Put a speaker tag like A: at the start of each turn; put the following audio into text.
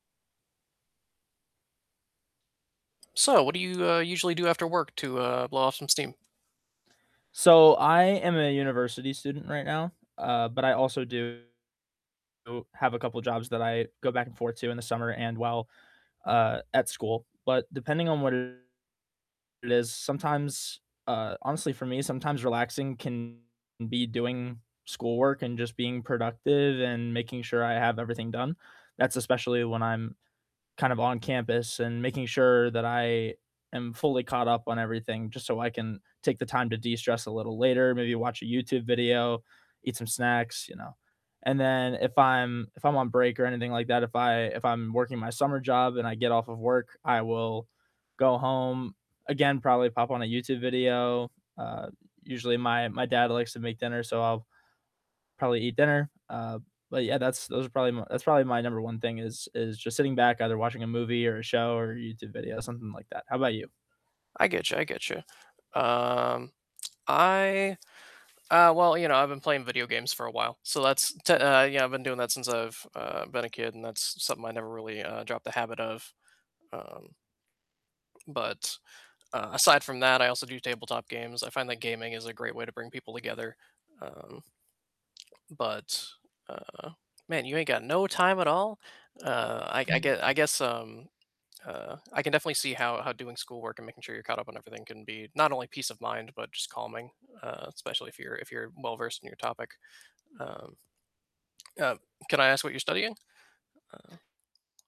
A: So what do you, uh, usually do after work to, uh, blow off some steam?
B: So, I am a university student right now, uh, but I also do do have a couple jobs that I go back and forth to in the summer and while, uh, at school. But depending on what it it is, sometimes, uh, honestly for me, sometimes relaxing can be doing schoolwork and just being productive and making sure I have everything done. That's especially when I'm kind of on campus and making sure that I am fully caught up on everything just so I can take the time to de-stress a little later, maybe watch a YouTube video, eat some snacks, you know. And then if I'm if I'm on break or anything like that, if I if I'm working my summer job and I get off of work, I will go home, again, probably pop on a YouTube video. Uh, usually my my dad likes to make dinner, so I'll probably eat dinner. Uh, but yeah, that's those are probably my That's probably my number one thing is is just sitting back either watching a movie or a show or a YouTube video, something like that. How about you?
A: I get you, I get you. Um, I uh, well, you know, I've been playing video games for a while, so that's te uh, yeah, I've been doing that since I've, uh, been a kid, and that's something I never really, uh, dropped the habit of. Um But, uh, aside from that, I also do tabletop games. I find that gaming is a great way to bring people together. Um, but, uh, man, you ain't got no time at all? Uh, I I gue
B: Hmm.
A: I guess, um, uh, I can definitely see how how doing schoolwork and making sure you're caught up on everything can be, not only peace of mind, but just calming, uh, especially if you're if you're well-versed in your topic. Um Uh, can I ask what you're studying? Uh